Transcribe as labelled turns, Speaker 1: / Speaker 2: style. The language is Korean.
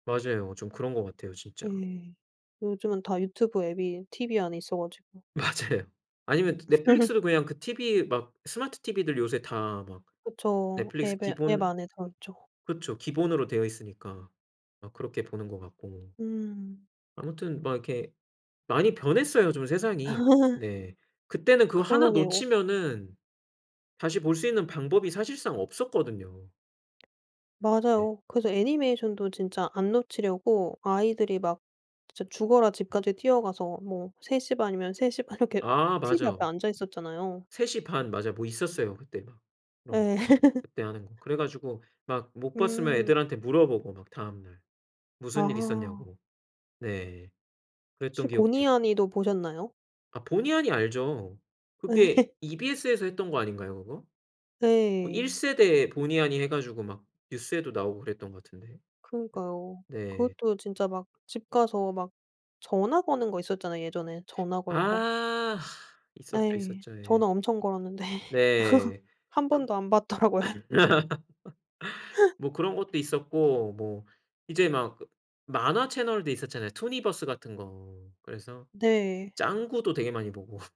Speaker 1: 맞아요. 좀 그런 것 같아요 진짜.
Speaker 2: 네. 요즘은 다 유튜브 앱이 TV 안에 있어 가지고.
Speaker 1: 맞아요. 아니면 넷플릭스도 그냥 그 TV 막 스마트 TV들 요새 다 막
Speaker 2: 그쵸.
Speaker 1: 넷플릭스
Speaker 2: 앱에 앱
Speaker 1: 기본
Speaker 2: 안에 들어 있죠.
Speaker 1: 그쵸 기본으로 되어 있으니까 막 그렇게 보는 것 같고.
Speaker 2: 음.
Speaker 1: 아무튼 막 이렇게 많이 변했어요 좀 세상이. 네. 그때는 그거 하나
Speaker 2: 그러게요.
Speaker 1: 놓치면은 다시 볼 수 있는 방법이 사실상 없었거든요. 네.
Speaker 2: 맞아요. 그래서 애니메이션도 진짜 안 놓치려고 아이들이 막 진짜 죽어라 집까지 뛰어가서 뭐 3:30 이면 3:30 이렇게
Speaker 1: 아
Speaker 2: TV
Speaker 1: 맞아.
Speaker 2: 앞에 앉아 있었잖아요.
Speaker 1: 3:30 맞아요 뭐 있었어요 그때 막 그런
Speaker 2: 예.
Speaker 1: 그때 하는 거. 그래 가지고 막 못 봤으면
Speaker 2: 음.
Speaker 1: 애들한테 물어보고 막 다음날 무슨 일이
Speaker 2: 아.
Speaker 1: 있었냐고 네
Speaker 2: 혹시
Speaker 1: 그랬던 기억도 있고.
Speaker 2: 보니하니도 보셨나요?
Speaker 1: 아 보니하니 알죠. 그게
Speaker 2: 예.
Speaker 1: EBS에서 했던 거 아닌가요 그거? 뭐 1
Speaker 2: 네.
Speaker 1: 세대 보니하니 해 가지고 막 뉴스에도 나오고 그랬던 거 같은데. 네
Speaker 2: 그러니까요.
Speaker 1: 네.
Speaker 2: 그것도 진짜 막 집 가서 막 전화 거는 거 있었잖아 예전에 전화 걸고.
Speaker 1: 아 있었죠,
Speaker 2: 예.
Speaker 1: 있었죠. 예.
Speaker 2: 전화 엄청 걸었는데
Speaker 1: 네.
Speaker 2: 1
Speaker 1: 그
Speaker 2: 번도 안 받더라고요.
Speaker 1: 뭐 그런 것도 있었고 뭐 이제 막 만화 채널도 있었잖아요 투니버스 같은 거. 그래서
Speaker 2: 네.
Speaker 1: 짱구도 되게 많이 보고.